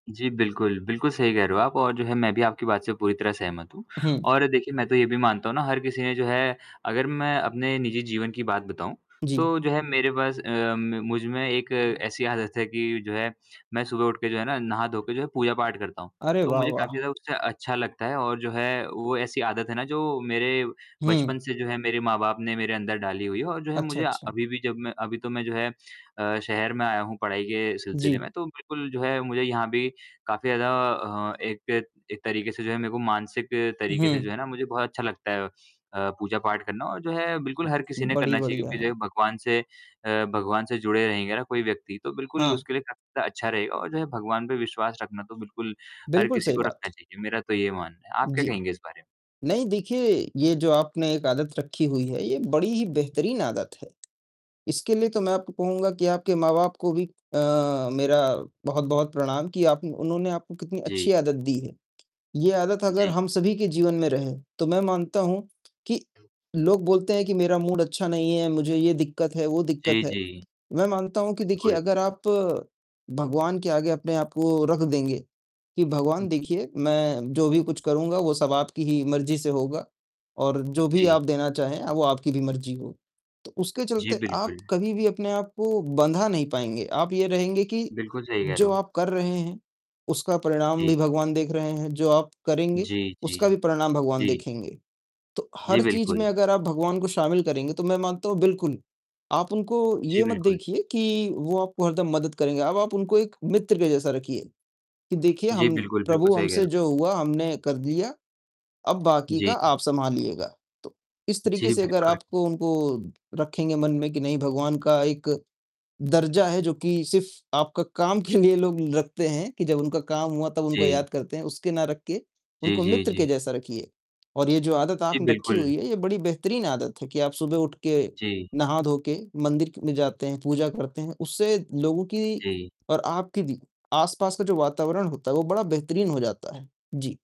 जी बिल्कुल, बिल्कुल सही कह रहे हो आप और जो है मैं भी आपकी बात से पूरी तरह सहमत हूँ। हुँ। और देखिए मैं तो ये भी मानता हूँ ना हर किसी ने जो है अगर मैं अपने निजी जीवन की बात बताऊँ, जी। तो जो है मेरे पास अ, म मुझमें एक ऐसी आदत है कि जो है मैं सुबह उठके जो है ना नहा-धोके जो है पूजा-पाठ करता हूँ। अरे तो वाह, मुझे काफ़ी वाह! ज़्यादा उससे अच्छा लगता है और जो है वो ऐसी आदत है ना जो मेरे हुँ। बचपन से जो है मेरे माँ-बाप ने मेरे अंदर डाली हुई है और जो है अच्छा, मुझे आ अच्छा। अभी भी जब मैं अभी तो मैं जो है अ, शहर में आया हूँ पढ़ाई के सिलसिले जी। में, तो बिल्कुल जो है मुझे यहाँ भी काफ़ी ज़्यादा अ, एक एक तरीके से जो है मेरे को मानसिक तरीके से हुँ। जो है ना मुझे बहुत अच्छा लगता है अ, पूजा-पाठ करना। और जो है बिल्कुल हर किसी ने बड़ी करना चाहिए बढ़िया क्योंकि है। जो भगवान से अ, भगवान से जुड़े रहेंगे ना कोई व्यक्ति तो बिल्कुल हाँ। उसके लिए काफ़ी ज़्यादा अच्छा रहेगा और जो है भगवान पे विश्वास रखना तो बिल्कुल हर बिल्कुल किसी सही को रखना बात। चाहिए। मेरा तो ये मानना है, आप क्या जी। कहेंगे इस बारे में? नहीं देखिए, ये जो आपने एक आदत रखी हुई है, ये बड़ी ही बेहतरीन आदत है। इसके लिए तो मैं आपको कहूँगा कि आपके माँ-बाप को भी अ, मेरा बहुत-बहुत प्रणाम कि आप उन्होंने आपको कितनी जी। अच्छी आदत दी है। ये आदत अगर जी। हम सभी के जीवन में रहे, तो मैं मानता हूँ कि लोग बोलते हैं कि मेरा मूड अच्छा नहीं है, मुझे ये दिक्कत है, वो दिक्कत जी, है। जी। मैं मानता हूँ कि देखिए बिल्कुल। अगर आप भगवान के आगे अपने आप को रख देंगे, कि भगवान देखिए मैं जो भी कुछ करूँगा वो सब आपकी ही मर्ज़ी से होगा और जो भी जी। आप देना चाहें वो आपकी भी मर्ज़ी हो। तो उसके जी, चलते आप बिल्कुल। कभी भी अपने आप को बँधा नहीं पाएँगे। आप ये रहेंगे कि बिल्कुल, सही कह रहे जो हो। आप कर रहे हैं उसका परिणाम भी जी। भगवान देख रहे हैं, जो आप करेंगे जी, जी। उसका भी परिणाम भगवान जी। देखेंगे। तो जी, हर चीज़ में बिल्कुल। अगर आप भगवान को शामिल करेंगे तो मैं मानता हूँ बिल्कुल आप उनको जी, ये मत बिल्कुल। देखिए कि वो आपको हरदम मदद करेंगे। अब आप उनको एक मित्र के जैसा रखिए कि देखिए जी, हम बिल्कुल, बिल्कुल प्रभु सही कह रहे हमसे हो। जो हुआ हमने कर लिया, अब बाकी का जी। आप सँभालिएगा। तो इस तरीके जी, से अगर बिल्कुल। आपको उनको रखेंगे मन में कि नहीं भगवान का एक दर्जा है जो कि सिर्फ़ आपका काम के लिए लोग रखते हैं कि जब उनका काम हुआ तब उनको जी। याद करते हैं, उसके ना रख के जी, उनको जी, मित्र के जी। जैसा रखिए। और ये जो आदत जी, आपने रखी बिल्कुल। हुई है, ये बड़ी बेहतरीन आदत है कि आप सुबह उठके जी। नहा-धोके मंदिर क में जाते हैं, पूजा करते हैं। उससे लोगों की जी। और आपके भी आस-पास का जो वातावरण होता है वो बड़ा बेहतरीन हो जाता है। जी।